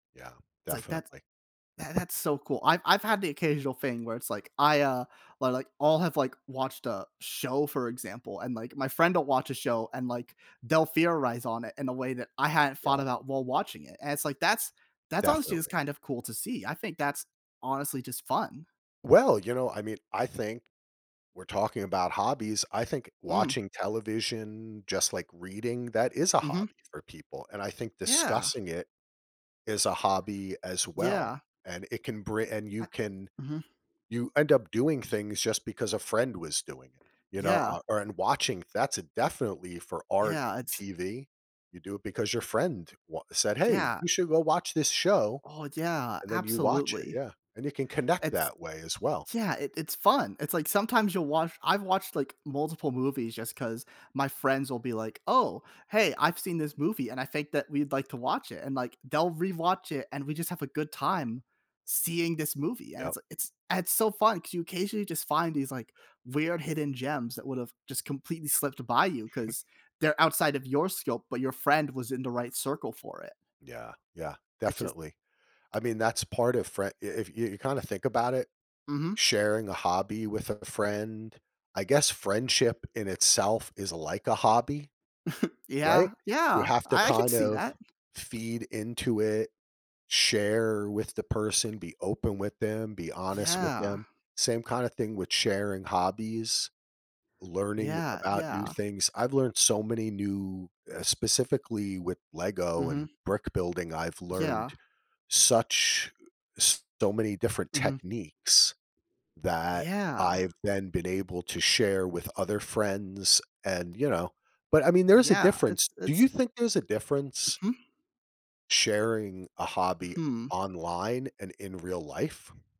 Yeah, It's like, that's definitely. tha that's so cool. I've I've had the occasional thing where it's like, I, uh, or, like, all have, like, watched a show, for example, and, like, my friend will watch a show and, like, they'll theorize on it in a way that I hadn't thought Yeah. about while watching it. And it's like, that's that's, honestly, just Definitely. kind of cool to see. I think that's, honestly, just fun. Well, you know, I mean, I think, we're talking about hobbies, I think Mm. watching television, just like reading, that is a Mhm. hobby for people. And I think Yeah. discussing it is a hobby as well. Yeah. And it can bri and you I can Mhm. you end up doing things just because a friend was doing it, you know? Yeah. Uh, and watching, that's definitely for art Yeah, and it's TV, you do it because your friend wa said, "Hey, Yeah. you should go watch this show." Oh, yeah, And then you watch it, absolutely. yeah. And you can connect It's that way as well. yeah, it it's fun. It's like sometimes you'll watch I've watched, like, multiple movies just 'cause my friends will be like, "Oh, hey, I've seen this movie, and I think that we'd like to watch it." And, like, they'll rewatch it, and we just have a good time seeing this movie, and Yup. it's it's it's so fun 'cause you occasionally just find these, like, weird hidden gems that would've just completely slipped by you 'cause they're outside of your scope, but your friend was in the right circle for it. Yeah, yeah, It's just definitely. I mean, that's part of frie i if you kind of think about it, Mhm. sharing a hobby with a friend I guess friendship in itself is like a hobby, right? Yeah. You Yeah. have to I I could kind see of that. feed into it, share with the person, be open with them, be honest with Yeah. them. Same kinda thing with sharing hobbies, learning Yeah, about new yeah. things. I've learned so many new eh, specifically with Lego and Mhm. brick building, I've learned Yeah. such so many different Mhm. techniques that Yeah. I've then been able to share with other friends and, you know but, I mean, there's a Yeah. difference. It's Do it's you think there's a difference Mhm. sharing a hobby Mhm. online and in real life?